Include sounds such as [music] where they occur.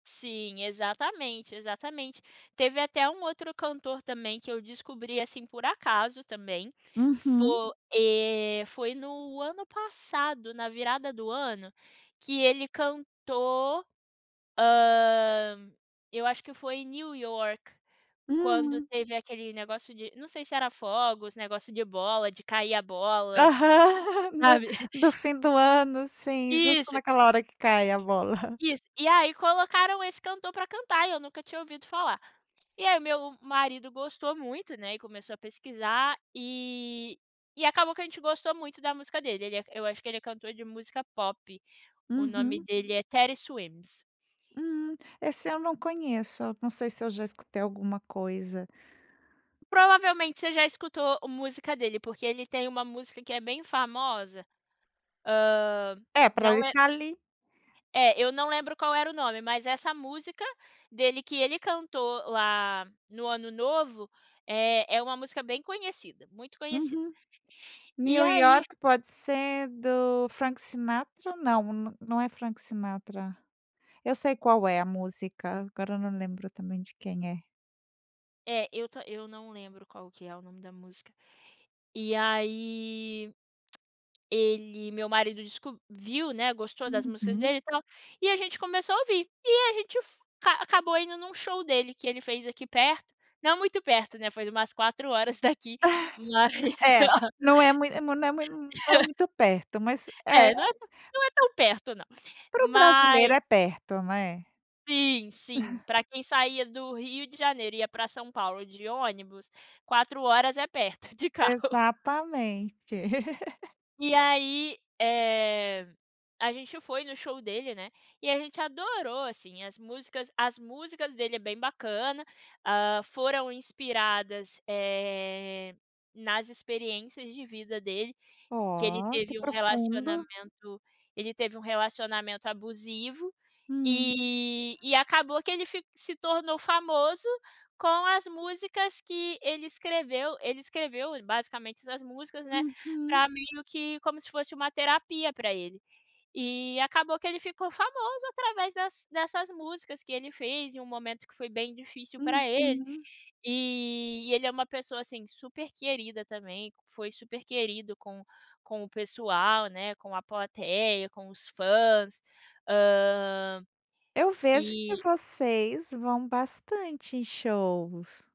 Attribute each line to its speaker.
Speaker 1: Sim, exatamente, exatamente. Teve até um outro cantor também, que eu descobri, assim, por acaso também.
Speaker 2: Uhum.
Speaker 1: Fo eh, foi no ano passado, na virada do ano, que ele cantou, hã, eu acho que foi New York, quando
Speaker 2: Hum.
Speaker 1: teve aquele negócio de não sei se era fogos, negócio de bola, de cair a
Speaker 2: Aham.
Speaker 1: bola,
Speaker 2: [laughs] no
Speaker 1: [chuckles] sabe.
Speaker 2: do fim do ano, assim, justo
Speaker 1: Isso.
Speaker 2: naquela hora que cai a bola. [chuckles]
Speaker 1: Isso. E aí colocaram esse cantor pra cantar, e eu nunca tinha ouvido falar. E aí meu marido gostou muito, né, e começou a pesquisar, e e acabou que a gente gostou muito da música dele, ele é eu acho que ele é cantor de música pop, o nome
Speaker 2: Uhum.
Speaker 1: dele é Teddy Swims.
Speaker 2: Hum. Esse eu não conheço, eu não sei se eu já escutei alguma coisa.
Speaker 1: Provavelmente você já escutou música dele, porque ele tem uma música que é bem famosa, hã,
Speaker 2: É, pra
Speaker 1: não
Speaker 2: ir
Speaker 1: lem
Speaker 2: ficar ali
Speaker 1: É, eu não lembro qual era o nome, mas essa música dele, que ele cantou lá no ano novo, eh, é uma música bem conhecida, muito conhecida.
Speaker 2: Uhum.
Speaker 1: E
Speaker 2: New
Speaker 1: aí
Speaker 2: York pode ser do Frank Sinatra? Não, n não é Frank Sinatra. Eu sei qual é a música, agora eu não lembro também de quem é.
Speaker 1: É, eu to eu não lembro qual que é o nome da música. E aí, [clicks tongue] ele meu marido desco viu, né, gostou das músicas
Speaker 2: Uhum.
Speaker 1: dele, e tal, e a gente começou a ouvir. E a gente f ca acabou indo num show dele, que ele fez aqui perto. Não muito perto, né, foi umas 4 horas daqui, mas
Speaker 2: [chuckles] É, não é mui não é mui não é
Speaker 1: [chuckles]
Speaker 2: muito perto, mas é
Speaker 1: É, não é não é tão perto não.
Speaker 2: Para o brasileiro
Speaker 1: Mas
Speaker 2: é perto, né.
Speaker 1: Sim, sim, pra
Speaker 2: [chuckles]
Speaker 1: quem saía do Rio de Janeiro e ia pra São Paulo de ônibus, 4 horas é perto, de carro.
Speaker 2: Exatamente. [laughs]
Speaker 1: E aí, eh, a gente foi no show dele, né, e a gente adorou, assim, as músicas as músicas dele é bem bacana, hã, foram inspiradas, eh, nas experiências de vida dele, que ele
Speaker 2: Oh, que
Speaker 1: teve um
Speaker 2: profundo.
Speaker 1: relacionamento ele teve um relacionamento abusivo,
Speaker 2: Hum.
Speaker 1: e e acabou que ele fi se tornou famoso com as músicas que ele escreveu. Ele escreveu, ele basicamente essas músicas, né,
Speaker 2: Uhum.
Speaker 1: pra amigo que como se fosse uma terapia pra ele. E acabou que ele ficou famoso através dess dessas músicas que ele fez em um momento que foi bem difícil pra ele,
Speaker 2: Uhum.
Speaker 1: e e ele é uma pessoa assim, super querida também, foi super querido com com o pessoal, né, com a plateia, com os fãs, hã,
Speaker 2: Eu vejo que
Speaker 1: e
Speaker 2: vocês vão bastante em shows.